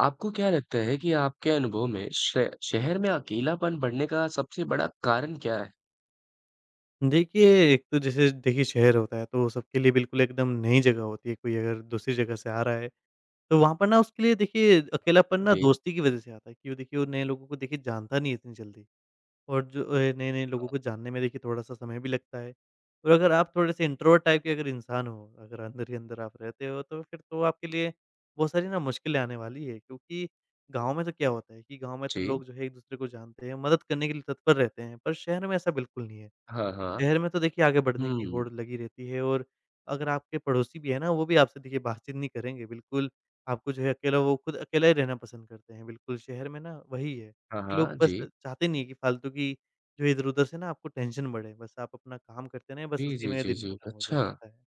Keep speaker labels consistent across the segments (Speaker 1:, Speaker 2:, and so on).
Speaker 1: आपको क्या लगता है कि आपके अनुभव में शह शहर में अकेलापन बढ़ने का सबसे बड़ा कारण क्या है?
Speaker 2: देखिए, एक तो जैसे देखिए शहर होता है तो सबके लिए बिल्कुल एकदम नई जगह होती है, कोई अगर दूसरी जगह से आ रहा है तो वहाँ पर ना उसके लिए देखिए अकेलापन ना
Speaker 1: जी।
Speaker 2: दोस्ती की वज़ह से आता है। क्यों देखिए वो नए लोगों को देखिए जानता नहीं है इतनी जल्दी और जो अ, नए-नए लोगों
Speaker 1: हाँ।
Speaker 2: को जानने में देखिए थोड़ा-सा समय भी लगता है। और अगर आप थोड़े से इंट्रोवर्ट टाइप के अगर इंसान हो, अगर अंदर ही अंदर आप रहते हो तो फिर तो आपके लिए बहुत सारी ना मुश्किलें आने वाली है। क्योंकि गाँव में तो क्या होता है कि, गाँव में तो
Speaker 1: जी।
Speaker 2: लोग जो है एक-दूसरे को जानते हैं, मदद करने के लिए तत्पर रहते हैं, पर शहर में ऐसा बिल्कुल नहीं है।
Speaker 1: हाँ, हाँ।
Speaker 2: शहर में तो देखिए आगे बढ़ने की
Speaker 1: हुँ।
Speaker 2: होड़ लगी रहती है और अगर आपके पड़ोसी भी है ना, वो भी आपसे देखिए बातचीत नहीं करेंगे बिल्कुल, आपको जो है अकेला वो खुद अकेला ही रहना पसंद करते हैं बिल्कुल। शहर में ना वही है
Speaker 1: हाँ,
Speaker 2: कि लोग
Speaker 1: हाँ,
Speaker 2: बस
Speaker 1: जी।
Speaker 2: चाहते नहीं है, कि फालतू की जो इधर-उधर से ना आपको टेंशन बढ़े। बस आप अपना काम करते रहें बस
Speaker 1: जी,
Speaker 2: उसी
Speaker 1: जी,
Speaker 2: में
Speaker 1: जी,
Speaker 2: दिन
Speaker 1: जी।
Speaker 2: ख़त्म हो जाए।
Speaker 1: अच्छा।
Speaker 2: ह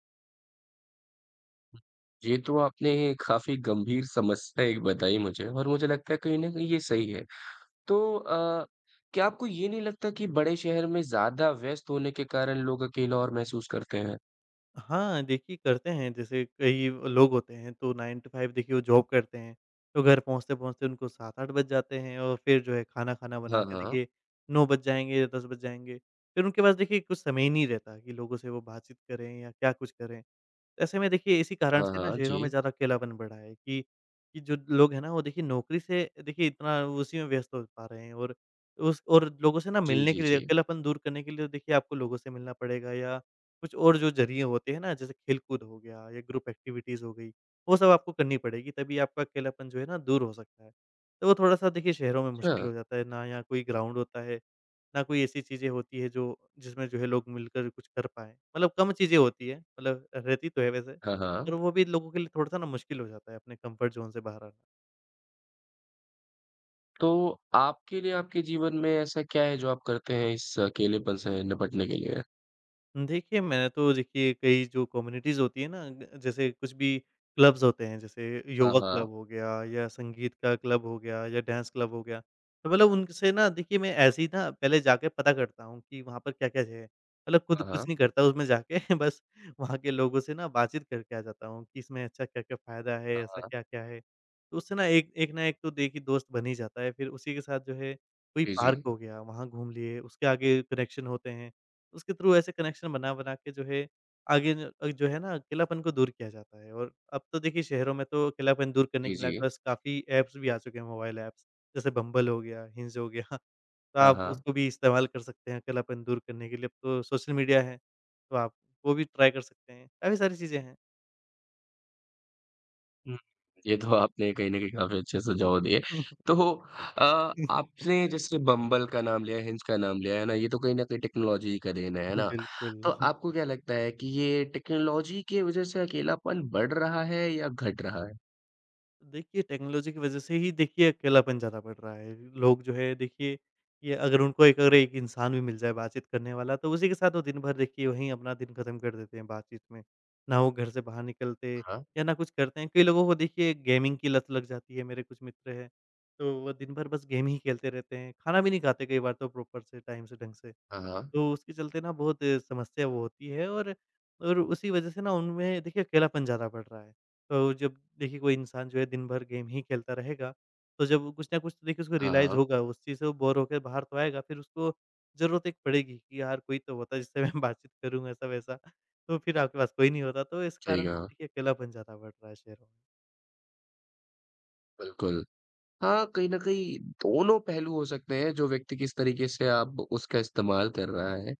Speaker 1: ये तो आपने काफ़ी गंभीर समस्या एक बताई मुझे और मुझे लगता है कहीं न कहीं ये सही है। तो अ, क्या आपको ये नहीं लगता कि बड़े शहर में ज़्यादा व्यस्त होने के कारण लोग अकेला और महसूस करते हैं?
Speaker 2: हाँ, देखिए करते हैं जैसे कई लोग होते हैं तो 9 टू 5 देखिए वो जॉब करते हैं, तो घर पहुँचते-पहुँचते उनको 7-8 बज जाते हैं और फिर जो है खाना-खाना बना
Speaker 1: हाँ,
Speaker 2: के
Speaker 1: हाँ।
Speaker 2: देखिए 9 बज जाएँगे या 10 बज जाएँगे। फिर उनके पास देखिए कुछ समय ही नहीं रहता कि, लोगों से वो बातचीत करें या क्या कुछ करें। ऐसे में देखिए इसी कारण
Speaker 1: हाँ,
Speaker 2: से ना
Speaker 1: हाँ,
Speaker 2: शहरों में
Speaker 1: जी।
Speaker 2: ज़्यादा अकेलापन बढ़ा है कि, कि जो लोग है ना वो देखिए नौकरी से देखिए इतना उसी में व्यस्त हो पा रहे हैं और उस और लोगों से ना
Speaker 1: जी,
Speaker 2: मिलने
Speaker 1: जी,
Speaker 2: के लिए
Speaker 1: जी।
Speaker 2: अकेलापन दूर करने के लिए तो देखिए आपको लोगों से मिलना पड़ेगा या कुछ और जो ज़रिए होते हैं ना जैसे खेल कूद हो गया या ग्रुप एक्टिविटीज़ हो गई, वो सब आपको करनी पड़ेगी तभी आपका अकेलापन जो है ना दूर हो सकता है। तो वो थोड़ा-सा देखिए शहरों में मुश्किल
Speaker 1: छा
Speaker 2: हो जाता है, ना यहाँ कोई ग्राउंड होता है, ना कोई ऐसी चीज़ें होती है जो जिसमें जो है लोग मिलकर कुछ कर पाएँ, मतलब कम चीज़ें होती हैं मतलब रहती तो है वैसे,
Speaker 1: हाँ,
Speaker 2: पर
Speaker 1: हाँ।
Speaker 2: वो भी लोगों के लिए थोड़ा-सा ना मुश्किल हो जाता है अपने कम्फर्ट ज़ोन से बाहर आना।
Speaker 1: तो आपके लिए आपके जीवन में ऐसा क्या है जो आप करते हैं, इस अकेलेपन से निपटने के लिए?
Speaker 2: हुँ। देखिए मैं तो देखिए कई जो कम्युनिटीज़ होती है ना ग जैसे कुछ भी क्लब्स होते हैं जैसे
Speaker 1: हाँ,
Speaker 2: योगा क्लब
Speaker 1: हाँ।
Speaker 2: हो गया या संगीत का क्लब हो गया या डांस क्लब हो गया, तो मतलब उन से ना देखिए मैं ऐसे ही ना पहले जाके पता करता हूँ, कि वहाँ पर क्या-क्या है? मतलब खुद
Speaker 1: हाँ,
Speaker 2: कुछ
Speaker 1: हाँ।
Speaker 2: नहीं करता उसमें जाके बस वहाँ के लोगों से ना बातचीत करके आ जाता हूँ कि इसमें अच्छा क्या-क्या फायदा है,
Speaker 1: हाँ,
Speaker 2: ऐसा
Speaker 1: हाँ।
Speaker 2: क्या-क्या है? तो उससे ना एक एक ना एक तो देखिए दोस्त बन ही जाता है फिर उसी के साथ जो है कोई
Speaker 1: जी,
Speaker 2: पार्क
Speaker 1: जी।
Speaker 2: हो गया, वहाँ घूम लिए उसके आगे कनेक्शन होते हैं, उसके थ्रू ऐसे कनेक्शन बना-बना के जो है आगे न जो है ना अक़ेलापन को दूर किया जाता है। और अब तो देखिए शहरों में तो अक़ेलापन दूर करने
Speaker 1: जी,
Speaker 2: के लिए
Speaker 1: जी।
Speaker 2: आपके पास काफ़ी ऐप्स भी आ चुके हैं, मोबाइल ऐप्स। जैसे बम्बल हो गया, हिंज हो गया, तो
Speaker 1: हाँ,
Speaker 2: आप
Speaker 1: हाँ।
Speaker 2: उसको भी इस्तेमाल कर सकते हैं, अकेलापन दूर करने के लिए। अब तो सोशल मीडिया है, तो आप वो भी ट्राई कर सकते हैं, काफ़ी सारी चीज़ें हैं।
Speaker 1: हुँ, ये तो आपने कहीं न कहीं काफ़ी अच्छे सुझाव दिए। तो अ, आपने जैसे बम्बल का नाम लिया है, हिंज का नाम लिया है ना, ये तो कहीं न कहीं टेक्नोलॉजी ही का देन है, है ना?
Speaker 2: बिल्कुल।
Speaker 1: तो आपको क्या लगता है कि ये टेक्नोलॉजी के वजह से अकेलापन बढ़ रहा है, या घट रहा है?
Speaker 2: देखिए टेक्नोलॉजी की वजह से ही, देखिए, अकेलापन ज़्यादा बढ़ रहा है। लोग जो है देखिए, कि अगर उनको एक अगर एक इंसान भी मिल जाए बातचीत करने वाला, तो उसी के साथ वो दिन भर देखिए वहीं अपना दिन ख़त्म कर देते हैं, बातचीत में। ना वो घर से बाहर निकलते
Speaker 1: हाँ।
Speaker 2: या ना कुछ करते हैं। कई लोगों को देखिए गेमिंग की लत लग जाती है, मेरे कुछ मित्र हैं, तो वो दिन भर बस गेम ही खेलते रहते हैं, खाना भी नहीं खाते कई बार तो प्रॉपर से, टाइम से, ढंग से।
Speaker 1: हाँ, हाँ।
Speaker 2: तो उसके चलते ना बहुत अ, समस्या वो होती है, और और उसी वजह से ना, उनमें देखिए अकेलापन ज़्यादा बढ़ रहा है। तो जब देखिए कोई इंसान जो है, दिन भर गेम ही खेलता रहेगा, तो जब वो कुछ न कुछ देखिए उसको
Speaker 1: हाँ,
Speaker 2: रियलाइज़
Speaker 1: हाँ।
Speaker 2: होगा उस चीज़ से वो बोर होकर बाहर तो आएगा, फिर उसको ज़रूरत एक पड़ेगी कि यार कोई तो होता है, जिससे मैं बातचीत करूँ ऐसा-वैसा। तो फिर आपके पास कोई नहीं होता, तो इस
Speaker 1: सही
Speaker 2: कारण से
Speaker 1: कहा।
Speaker 2: देखिए अकेलापन ज़्यादा बढ़ रहा है शहर में।
Speaker 1: बिल्कुल। हाँ, कहीं न कहीं दोनों पहलू हो सकते हैं जो व्यक्ति किस तरीके से आप उसका इस्तेमाल कर रहा, है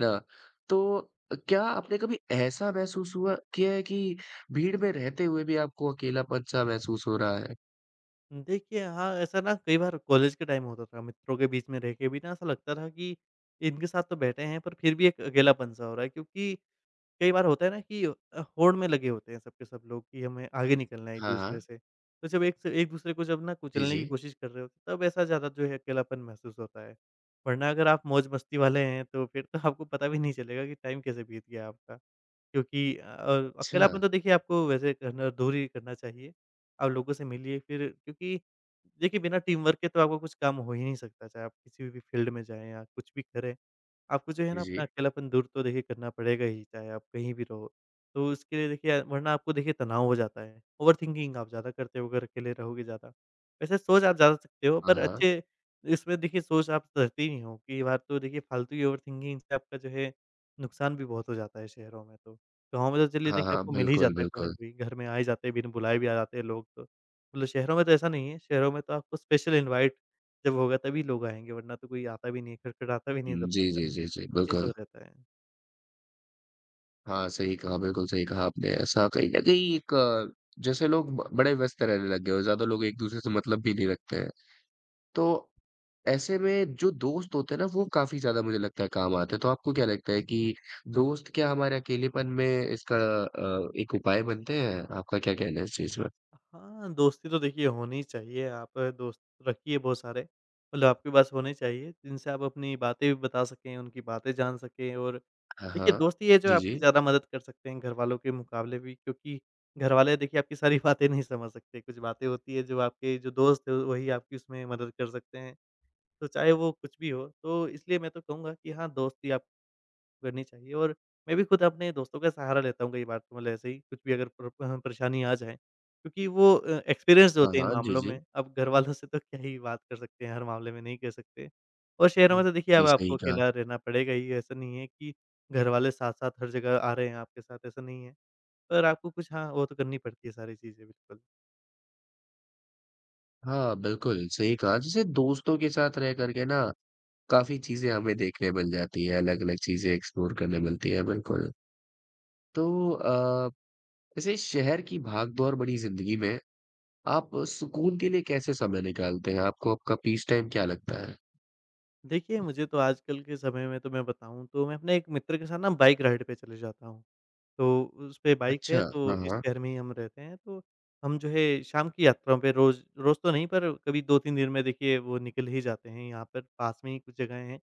Speaker 1: ना? तो अ, क्या आपने कभी ऐसा महसूस हुआ किया है कि भीड़ में रहते हुए भी आपको अकेलापन-सा महसूस हो रहा है?
Speaker 2: देखिए हाँ, ऐसा ना कई बार कॉलेज के टाइम होता था, मित्रों के बीच में रह के भी ना ऐसा लगता था कि इनके साथ तो बैठे हैं, पर फिर भी एक अकेलापन सा हो रहा है क्योंकि कई बार होता है ना कि अ, होड़ में लगे होते हैं सब के सब लोग कि हमें आगे निकलना है
Speaker 1: हाँ,
Speaker 2: एक-दूसरे
Speaker 1: हाँ।
Speaker 2: से। तो जब एक से एक-दूसरे को जब ना
Speaker 1: जी,
Speaker 2: कुचलने की
Speaker 1: जी।
Speaker 2: कोशिश कर रहे हो, तब ऐसा ज़्यादा जो है अकेलापन महसूस होता है, वरना अगर आप मौज-मस्ती वाले हैं तो फिर तो आपको पता भी नहीं चलेगा कि टाइम कैसे बीत गया है आपका। क्योंकि अ, अकेलापन
Speaker 1: अच्छा।
Speaker 2: तो देखिए आपको वैसे करना दूर ही करना चाहिए। आप लोगों से मिलिए फिर क्योंकि देखिए बिना टीमवर्क के तो आपको कुछ काम हो ही नहीं सकता चाहे आप किसी भी फील्ड में जाए या कुछ भी करें। आपको जो है
Speaker 1: जी,
Speaker 2: ना अपना
Speaker 1: जी।
Speaker 2: अकेलापन दूर तो देखिए करना पड़ेगा ही, चाहे आप कहीं भी रहो, तो उसके लिए देखिए अ, वरना आपको देखिए तनाव हो जाता है, ओवरथिंकिंग आप ज़्यादा करते हो, अगर अकेले रहोगे ज़्यादा। वैसे सोच आप जा सकते हो
Speaker 1: हाँ,
Speaker 2: पर
Speaker 1: हाँ।
Speaker 2: अच्छे इसमें देखिए सोच आप करते ही नहीं हो कि ये बात तो देखिए फालतू की ओवरथिंकिंग से आपका जो है, नुकसान भी बहुत हो जाता है शहरों में तो। गाँव में तो चलिए
Speaker 1: हाँ,
Speaker 2: देखिए
Speaker 1: हाँ,
Speaker 2: आपको मिल ही
Speaker 1: बिल्कुल,
Speaker 2: जाता है कोई न
Speaker 1: बिल्कुल।
Speaker 2: कोई, घर में आ ही जाते हैं बिन बुलाए भी आ जाते हैं लोग तो। मतलब शहरों में तो ऐसा नहीं है, शहरों में तो आपको स्पेशल इनवाइट जब होगा तभी लोग आएँगे, वरना तो कोई आता भी नहीं है, खटखटाता भी नहीं है
Speaker 1: उम, जी,
Speaker 2: दरवाजा।
Speaker 1: जी, जी, जी,
Speaker 2: ये सब
Speaker 1: बिल्कुल।
Speaker 2: रहता है।
Speaker 1: हाँ, सही कहा, बिल्कुल सही कहा आपने ऐसा कहीं न कहीं एक, जैसे लोग ब बड़े व्यस्त रहने लग गए हों, ज़्यादा लोग एक दूसरे से मतलब भी नहीं रखते हैं। तो ऐसे में जो दोस्त होते हैं ना, वो काफ़ी ज़्यादा मुझे लगता है काम आते है, तो आपको क्या लगता है कि दोस्त क्या हमारे अकेलेपन में इसका अ, एक उपाय बनते हैं? आपका क्या कहना है इस चीज़ में?
Speaker 2: हाँ, दोस्ती तो देखिए होनी ही चाहिए आप दोस्त रखिए बहुत सारे मतलब आपके पास होने चाहिए, जिनसे आप अपनी बातें भी बता सकें, उनकी बातें जान सकें और
Speaker 1: हाँ,
Speaker 2: देखिए
Speaker 1: हाँ।
Speaker 2: दोस्त ही है जो
Speaker 1: जी,
Speaker 2: आपकी
Speaker 1: जी।
Speaker 2: ज़्यादा मदद कर सकते हैं घरवालों के मुकाबले भी, क्योंकि घरवाले देखिए आपकी सारी बातें नहीं समझ सकते, कुछ बातें होती हैं, जो आपके जो दोस्त हैं वही आपकी उसमें मदद कर सकते हैं। तो चाहे वो कुछ भी हो तो इसलिए मैं तो कहूँगा कि हाँ, दोस्ती आप करनी चाहिए। और मैं, भी खुद अपने दोस्तों का सहारा लेता हूँ कई बार तो, मतलब ऐसे ही कुछ भी अगर प्र अ, परेशानी आ जाएँ क्योंकि वो अ, एक्सपिरिएंस्ड
Speaker 1: हाँ,
Speaker 2: होते हैं इन
Speaker 1: हाँ, जी,
Speaker 2: मामलों में।
Speaker 1: जी।
Speaker 2: अब घरवालों से तो क्या ही बात कर सकते हैं, हर मामले में नहीं कह सकते। और शहरों
Speaker 1: हुँ,
Speaker 2: में तो देखिए अब
Speaker 1: जी, सही
Speaker 2: आपको
Speaker 1: कहा।
Speaker 2: अकेला रहना पड़ेगा ही ऐसा नहीं है कि, घरवाले साथ-साथ हर जगह आ रहे हैं आपके साथ, ऐसा नहीं है। पर आपको कुछ हाँ, वो तो करनी पड़ती है सारी चीज़ें बिल्कुल।
Speaker 1: हाँ, बिल्कुल, सही कहा जैसे दोस्तों के साथ रह कर के ना काफ़ी, चीज़ें हमें देखने मिल जाती हैं, अलग-अलग चीज़ें एक्सप्लोर करने मिलती हैं, बिल्कुल। तो अ, वैसे शहर की भाग-दौर बड़ी ज़िंदगी में, आप सुकून के लिए कैसे समय निकालते हैं? आपको आपका पीस टाइम क्या लगता है?
Speaker 2: देखिए, मुझे तो आजकल के समय में तो मैं बताऊँ, तो मैं अपने एक मित्र के साथ ना बाइक राइड पे चले जाता हूँ। तो उ उसपे बाइक
Speaker 1: अच्छा।
Speaker 2: है तो,
Speaker 1: हाँ,
Speaker 2: इस
Speaker 1: हाँ।
Speaker 2: शहर में ही हम रहते हैं तो हम जो है शाम की यात्रा पे रोज़ रोज़ तो नहीं पर कभी 2-3 दिन में देखिए वो निकल ही जाते हैं, यहाँ पर पास में ही कुछ जगहें हैं।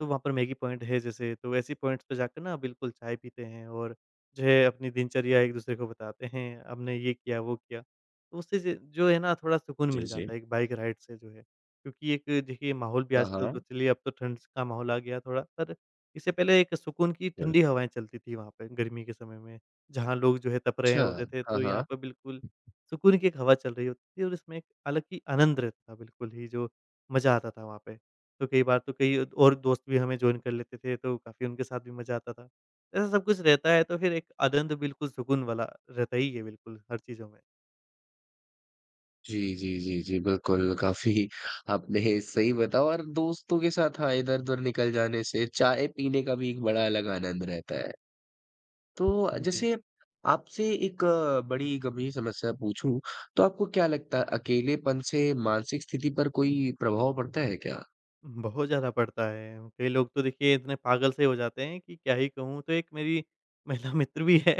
Speaker 2: तो वहाँ पर मैगी पॉइंट है जैसे तो वैसी पॉइंट्स पे जाके न बिल्कुल चाय पीते हैं और जो है अपनी दिनचर्या एक-दूसरे को बताते हैं, हमने ये किया वो किया। तो उससे ज जो है ना थोड़ा सुकून
Speaker 1: जी,
Speaker 2: मिल जाता
Speaker 1: जी।
Speaker 2: है एक बाइक राइड से जो है। क्योंकि एक, देखिए माहौल भी
Speaker 1: हाँ,
Speaker 2: आजकल तो
Speaker 1: हाँ।
Speaker 2: चलिए अब तो ठंड स का माहौल आ गया थोड़ा, पर इससे पहले एक सुकून की
Speaker 1: बिल
Speaker 2: ठंडी हवाएँ चलतीं थीं वहाँ पे गर्मी के समय में। जहाँ लोग जो है तप रहे
Speaker 1: अच्छा।
Speaker 2: होते थे,
Speaker 1: हाँ,
Speaker 2: तो यहाँ
Speaker 1: हाँ।
Speaker 2: पे बिल्कुल सुकून की एक हवा चल रही होती थी और उसमें एक अलग ही आनंद रहता था बिल्कुल ही जो मज़ा आता था वहाँ पे। तो कई बार तो कई और दोस्त भी हमें जॉइन कर लेते थे तो काफ़ी उनके साथ भी मज़ा आता था। ऐसा सब कुछ रहता है, तो फिर एक आदंत बिल्कुल सुकून वाला, रहता ही है बिल्कुल हर चीज़ों में।
Speaker 1: जी, जी, जी, जी, बिल्कुल काफ़ी आपने सही बता और दोस्तों के साथ हाँ, इधर-उधर निकल जाने से, चाय पीने का भी एक बड़ा अलग आनंद रहता है। तो
Speaker 2: उम, जी।
Speaker 1: जैसे आपसे एक बड़ी गंभीर समस्या पूछूँ, तो आपको क्या लगता है, अकेलेपन से मानसिक स्थिति पर कोई प्रभाव पड़ता है क्या?
Speaker 2: बहुत ज़्यादा पड़ता है। कई लोग तो देखिए इतने पागल से हो जाते हैं, कि क्या ही कहूँ तो एक मेरी महिला मित्र भी हैं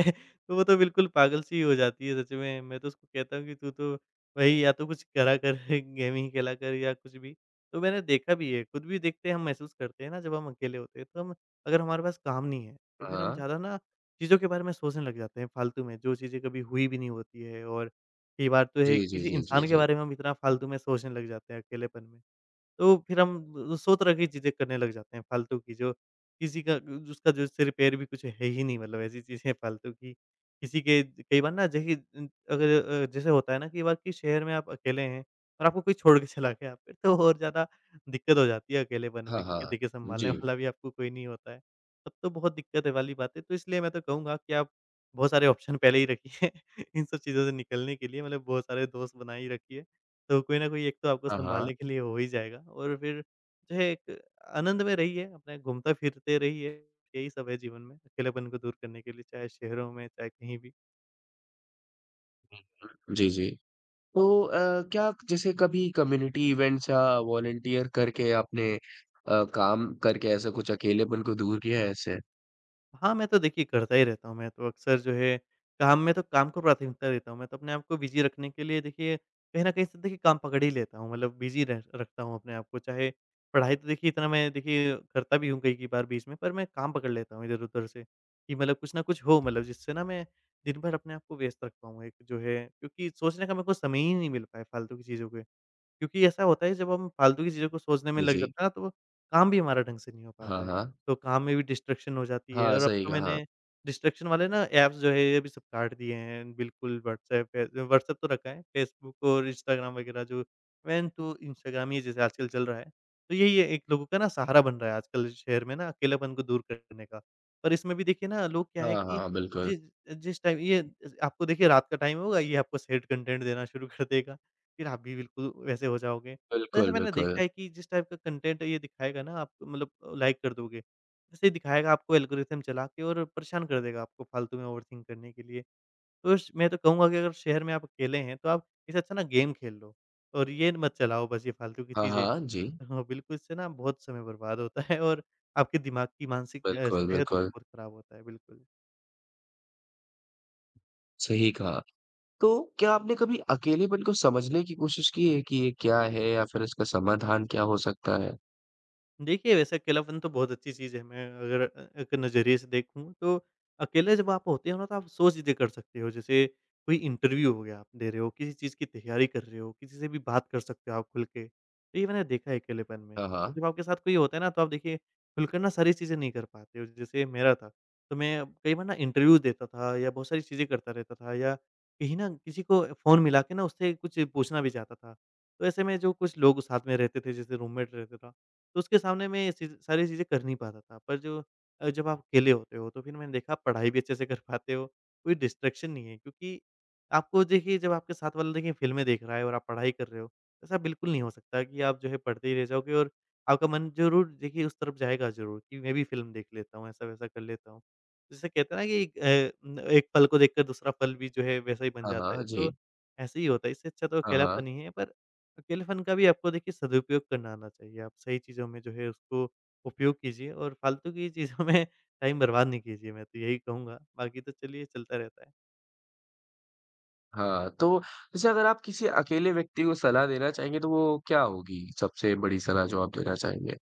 Speaker 2: तो वो तो बिल्कुल पागल सी ही हो जाती है सच में। मैं तो उसको कहता हूँ कि, "तू तो भई या तो कुछ करा कर गेमिंग खेला कर या कुछ भी।" तो मैंने देखा भी है, खुद भी देखते हैं हम महसूस करते हैं ना जब हम अकेले होते हैं। तो हम अगर हमारे पास काम नहीं है, तो
Speaker 1: हाँ,
Speaker 2: फिर हम
Speaker 1: हाँ।
Speaker 2: ज़्यादा ना चीज़ों के बारे में सोचने लग जाते हैं फालतू में, जो चीज़ें कभी हुई भी नहीं होती है और कई बार तो है
Speaker 1: जी, जी,
Speaker 2: किसी
Speaker 1: जी, जी,
Speaker 2: इंसान के
Speaker 1: जी।
Speaker 2: बारे में हम इतना फालतू में सोचने लग जाते हैं अकेलेपन में। तो फिर हम सौ तरह की चीज़ें करने लग जाते हैं फालतू की, जो किसी का ग उसका जो सिर-पैर भी कुछ है ही नहीं मतलब ऐसी चीज़ें फालतू की। किसी के ज कई बार ना जै है उम, अगर अ, जैसे होता है ना कि बाकी शहर में आप अकेले हैं और आपको कोई छोड़ के चला गया फिर तो और ज़्यादा दिक्कत हो जाती है, अकेलेपन में
Speaker 1: हाँ,
Speaker 2: क्योंकि
Speaker 1: हाँ।
Speaker 2: देखिए सँभालने
Speaker 1: जी।
Speaker 2: वाला भी आपको कोई नहीं होता है। तब तो बहुत दिक्कतें वाली बात है तो इसलिए मैं तो कहूँगा कि आप बहुत सारे ऑप्शन पहले ही रखिए, इन सब चीज़ों से निकलने के लिए, मतलब बहुत सारे दोस्त बनाई रखिए। तो कोई न कोई एक तो, आपको
Speaker 1: हाँ, हाँ।
Speaker 2: सँभालने के लिए हो ही जाएगा और फिर जो है एक आनंद में रहिए अपना घूमता-फिरते रहिए, यही सब है जीवन में अकेलेपन को दूर करने के लिए, चाहे शहरों में, चाहे कहीं भी।
Speaker 1: [unintelligible] जी, जी। तो अ, क्या जैसे कभी कम्युनिटी इवेंट्स या वॉलंटियर करके आपने अ, काम करके ऐसा कुछ अकेलेपन को दूर किया है ऐसे?
Speaker 2: हाँ, मैं तो देखिए करता ही रहता हूँ, मैं तो अक्सर जो है, काम में तो काम को प्राथमिकता देता हूँ, मैं तो अपने आपको बिज़ी रखने के लिए देखिए कहीं न कहीं से देखिए काम पकड़ ही लेता हूँ मतलब बिज़ी रह रखता हूँ अपने आप को। चाहे पढ़ाई तो देखिए इतना मैं देखिए करता भी हूँ कई-कई बार बीच में, पर मैं काम पकड़ लेता हूँ इधर-उधर से कि मतलब कुछ न कुछ हो मतलब जिससे ना मैं दिन भर अपने आप को व्यस्त रख पाऊँ। एक जो है क्योंकि सोचने का मेरे को समय ही नहीं मिल पाया फ़ालतू की चीज़ों पे, क्योंकि ऐसा होता है जब हम फ़ालतू की चीज़ों को सोचने में
Speaker 1: उ
Speaker 2: लग
Speaker 1: जी।
Speaker 2: जाता हैं ना, तो काम भी हमारा ढंग से नहीं हो
Speaker 1: हाँ,
Speaker 2: पाता है।
Speaker 1: हाँ।
Speaker 2: तो काम में भी डिस्ट्रैक्शन हो जाती है
Speaker 1: हाँ,
Speaker 2: और अब
Speaker 1: सही
Speaker 2: तो
Speaker 1: कहा।
Speaker 2: मैंने डिस्ट्रैक्शन वाले ना ऐप्स जो है ये भी सब काट दिए हैं, बिल्कुल वॉट्सऐप है जो वॉट्सऐप तो रखा है फ़ेसबुक और इंस्टाग्राम वगैरह जो मेन तो इंस्टाग्राम ही जैसे आजकल चल रहा है, तो यही है एक लोगों का सहारा बन रहा है आजकल शहर में ना अकेलेपन को दूर करने का। और इसमें भी देखिए ना लोग क्या है
Speaker 1: हाँ,
Speaker 2: कि
Speaker 1: हाँ, बिल्कुल।
Speaker 2: जि जिस टाइम ये आपको देखिए रात का टाइम होगा ये आपको सैड कंटेंट देना शुरू कर देगा, फिर आप भी बिल्कुल वैसे हो जाओगे। तो ऐसा
Speaker 1: बिल्कुल,
Speaker 2: मैंने
Speaker 1: बिल्कुल।
Speaker 2: देखा है कि जिस टाइप का कंटेंट ये दिखाएगा ना आप मतलब लाइक कर दोगे, वैसे ही दिखाएगा आपको एल्गोरिदम चला के और परेशान कर देगा आपको फ़ालतू में ओवरथिंक करने के लिए। उश मैं तो कहूँगा कि अगर शहर में आप अकेले हैं, तो आप इससे अच्छा ना गेम खेल लो और ये न मत चलाओ बस ये फ़ालतू की
Speaker 1: हाँ,
Speaker 2: चीज़ें
Speaker 1: हाँ। जी।
Speaker 2: हाँ, बिल्कुल इससे ना बहुत समय बर्बाद होता है और आपके दिमाग की मानसिक अ,
Speaker 1: बिल्कुल,
Speaker 2: सेहत भी
Speaker 1: बिल्कुल।
Speaker 2: बहुत ख़राब होता है, बिल्कुल।
Speaker 1: सही कहा। तो क्या आपने कभी अकेलेपन को समझने की क़ोशिश की है, कि ये क्या है? या फिर इसका समाधान क्या हो सकता है?
Speaker 2: देखिए, वैसे अकेलापन तो बहुत अच्छी चीज़ है। मैं, अगर एक नज़रिए से देखूँ तो अकेले जब आप होते हो ना तो आप सौ चीज़ें कर सकते हो। जैसे कोई इंटरव्यू हो गया आप दे रहे हो, किसी चीज़ की तैयारी कर रहे हो, किसी से भी बात कर सकते हो आप खुल के, तो ये मैंने देखा है अकेलेपन में।
Speaker 1: हाँ, हाँ।
Speaker 2: जब आपके साथ कोई होता है ना तो आप देखिए खुलकर ना सारी चीज़ें नहीं कर पाते हो, जैसे मेरा था तो मैं कई बार ना इंटरव्यू देता था या बहुत सारी चीज़ें करता रहता था या कहीं ना किसी को फ़ोन मिला के ना उससे कुछ पूछना भी चाहता था, तो ऐसे में जो कुछ लोग साथ में रहते थे, जैसे रूममेट रहता था तो उसके सामने मैं ये च सारी चीज़ें कर नहीं पाता था। पर जो अ, जब आप अकेले होते हो, तो फिर मैंने देखा आप पढ़ाई भी अच्छे से कर पाते हो, कोई डिस्ट्रैक्शन नहीं है क्योंकि, आपको देखिए जब आपके साथ वाला देखिए फिल्में देख रहा है और आप पढ़ाई कर रहे हो, ऐसा बिल्कुल नहीं हो सकता कि आप जो है पढ़ते ही रह जाओगे और आपका मन ज़रूर देखिए उस तरफ जाएगा ज़रूर कि मैं भी फ़िल्म देख लेता हूँ, ऐसा-वैसा कर लेता हूँ। जैसे कहते हैं ना कि अ अ, एक पल को देखकर दूसरा फल भी जो है, वैसा ही बन
Speaker 1: हाँ,
Speaker 2: जाता
Speaker 1: हाँ,
Speaker 2: है तो
Speaker 1: जी।
Speaker 2: ऐसे ही होता है। इससे अच्छा तो
Speaker 1: हाँ, हाँ।
Speaker 2: अकेलापन ही है पर अकेलेपन का भी आपको देखिए सदुपयोग करना आना चाहिए। आप सही चीज़ों में जो है उसको, उपयोग कीजिए और फालतू की चीज़ों में टाइम बर्बाद नहीं कीजिए मैं तो यही कहूँगा। बाकी तो चलिए चलता रहता।
Speaker 1: हाँ, तो जैसे अगर आप किसी अकेले व्यक्ति को सलाह देना चाहेंगे, तो वो क्या होगी, सबसे बड़ी सलाह जो आप देना चाहेंगे?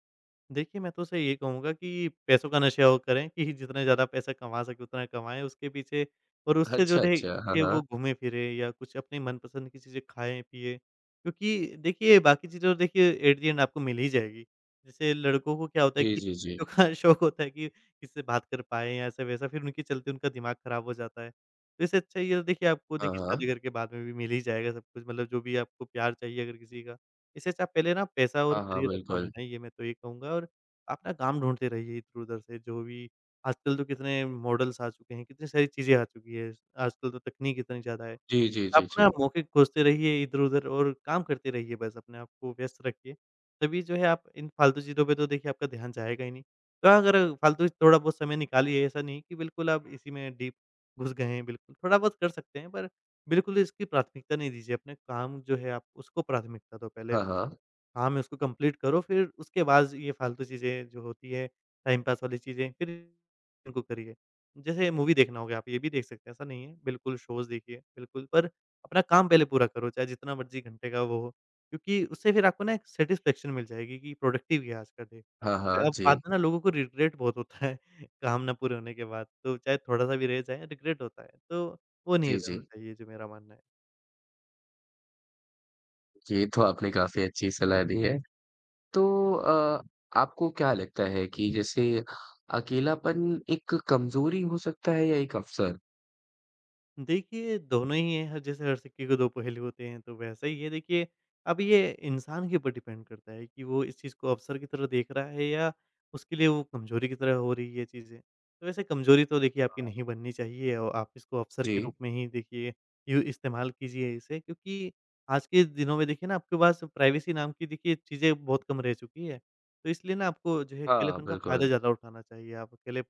Speaker 2: देखिए, मैं तो उसे ये कहूँगा कि पैसों का नशा और करें कि जितना ज़्यादा पैसा कमा सकें उतना कमाएँ उसके पीछे और उससे जो
Speaker 1: अच्छा,
Speaker 2: रहे
Speaker 1: अच्छा। हाँ,
Speaker 2: के वो
Speaker 1: हाँ।
Speaker 2: घूमें-फिरें या कुछ अपने मनपसंद की चीज़ें खाएँ-पिएँ। क्योंकि देखिए बाकी चीज़ें तो देखिए एक दिन आपको मिल ही जाएगी, जैसे लड़कों को क्या होता है
Speaker 1: जी,
Speaker 2: कि
Speaker 1: जी,
Speaker 2: लड़कियों
Speaker 1: जी।
Speaker 2: का शौक होता है कि किससे बात कर पाएँ या ऐसा-वैसा फिर उनकी चलते उनका दिमाग खराब हो जाता है। तो इससे अच्छा ये तो देखिए, आपको
Speaker 1: हाँ,
Speaker 2: देखिए शादी
Speaker 1: हाँ।
Speaker 2: करके बाद में भी मिल ही जाएगा सब कुछ मतलब जो भी आपको प्यार चाहिए अगर किसी का। इससे अच्छा पहले ना आप पैसा और
Speaker 1: हाँ, हाँ,
Speaker 2: करियर अपना
Speaker 1: बिल्कुल।
Speaker 2: बनाइए मैं तो यही कहूँगा और आप ना काम ढूँढते रहिए इधर-उधर से, जो भी आजकल तो कितने मॉडल्स आ चुके हैं, कितनी सारी चीज़ें आ चुकीं हैं ज आजकल तो तकनीक इतनी ज़्यादा है।
Speaker 1: जी, जी, जी,
Speaker 2: आप ना
Speaker 1: जी।
Speaker 2: मौके खोज़ते रहिए इधर-उधर और काम करते रहिए बस, अपने आप को व्यस्त रखिए, तभी जो है आप इन फ़ालतू चीज़ों पे तो देखिए आपका ध्यान जाएगा ही नहीं। थोड़ा अगर फ़ालतू से थोड़ा-बहुत समय निकालिए ऐसा नहीं है कि बिल्कुल आप इसी में डीप घुस गए हैं बिल्कुल, थोड़ा-बहुत कर सकते हैं पर बिल्कुल इसकी प्राथमिकता नहीं दीजिए अपने काम जो है आप उसको प्राथमिकता दो पहले अप
Speaker 1: हाँ, हाँ।
Speaker 2: काम है उसको कंप्लीट करो फिर उसके बाद ज़ ये फालतू चीज़ें जो होती हैं टाइमपास वाली चीज़ें फ़िर इनको करिए। जैसे मूवी देखना हो गया, आप ये भी देख सकते हैं ऐसा नहीं है बिल्कुल शोज़ देखिए बिल्कुल पर अपना काम पहले पूरा करो चाहे जितना मर्ज़ी घंटे का वो हो। क्योंकि उससे फिर आपको ना एक सैटिस्फैक्शन मिल जाएगी कि प्रोडक्टिव गया आज का दिन।
Speaker 1: हाँ, हाँ,
Speaker 2: अब बात
Speaker 1: जी।
Speaker 2: है ना लोगों को रिग्रेट बहुत होता है काम ना पूरे होने के बाद तो चाहे थोड़ा-सा भी रहे जाए रिग्रेट होता है। तो वो नहीं
Speaker 1: जी,
Speaker 2: रहना
Speaker 1: जी।
Speaker 2: चाहिए जो मेरा मानना है।
Speaker 1: जी, ये तो आपने काफ़ी अच्छी सलाह दी है। तो अ, आपको क्या लगता है कि, जैसे अकेलापन एक कमज़ोरी हो सकता है या एक अवसर?
Speaker 2: देखिए, दोनों ही हैं, जैसे हर सिक्के के दो पहलू होते हैं तो वैसा ही है देखिए अब ये इंसान के ऊपर डिपेंड करता है कि वो इस चीज़ को अवसर की तरह देख रहा है या उसके लिए वो कमज़ोरी की तरह हो रही है, ये चीज़ें। तो वैसे कमज़ोरी तो देखिए आपकी
Speaker 1: हाँ।
Speaker 2: नहीं बननी चाहिए औ आप इसको अवसर के
Speaker 1: जी।
Speaker 2: रूप में ही देखिए, इ इस्तेमाल कीजिए इसे, क्योंकि आज के दिनों में देखिए ना आपके पास प्राइवेसी नाम की देखिए चीज़ें बहुत कम रह चुकी है। तो इसलिए ना आपको जो है
Speaker 1: हाँ,
Speaker 2: अकेलेपन का फायदा
Speaker 1: बिल्कुल।
Speaker 2: ज़्यादा उठाना चाहिए। आप अकेले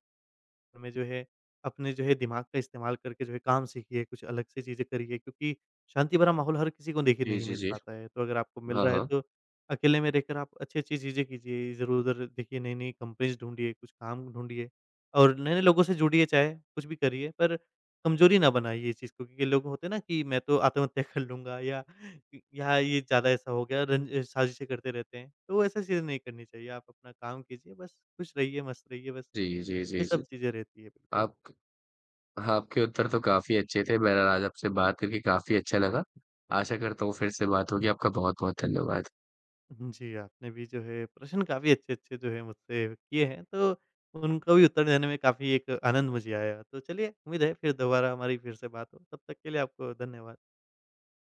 Speaker 2: में जो है अपने जो है दिमाग का इस्तेमाल करके जो है काम सीखिए, कुछ अलग सी चीज़ें करिए, क्योंकि शांति भरा माहौल हर किसी को देखिए
Speaker 1: जी,
Speaker 2: नहीं
Speaker 1: जी,
Speaker 2: मिल
Speaker 1: जी।
Speaker 2: पाता है। तो अगर आपको मिल
Speaker 1: हाँ,
Speaker 2: रहा है
Speaker 1: हाँ।
Speaker 2: तो अकेले में रह कर आप अच्छी-अच्छी चीज़ें कीजिए इधर-उधर देखिए नई-नई कंपनीज ढूँढ़िए, कुछ काम ढूँढ़िए। और नए नए लोगों से जुड़िए चाहे कुछ भी करिए पर कमज़ोरी ना बनाइए ये चीज़ को, क्योंकि लोग होते हैं ना कि मैं तो आत्महत्या कर लूँगा या, या ये ज़्यादा ऐसा हो गया रं साजिशें करते रहते हैं, तो ऐसा चीज़ें नहीं करनी चाहिए। आप अपना काम कीजिए बस खुश रहिए, मस्त रहिए बस,
Speaker 1: जी, जी,
Speaker 2: ये
Speaker 1: जी, जी।
Speaker 2: सब चीज़ें रहती है बिल्कुल।
Speaker 1: आप आपके उत्तर तो काफ़ी अच्छे थे, बहरहाल आज आपसे बात करके काफ़ी अच्छा लगा। आशा करता हूँ फिर से बात होगी। आपका बहुत-बहुत धन्यवाद।
Speaker 2: उम, जी, आपने भी जो है प्रश्न काफ़ी अच्छे-अच्छे जो है मुझसे किए हैं तो उनको भी उत्तर देने में काफ़ी एक आनंद मुझे आया। तो चलिए उम्मीद है फिर दोबारा हमारी फिर से बात हो, तब तक के लिए आपको धन्यवाद।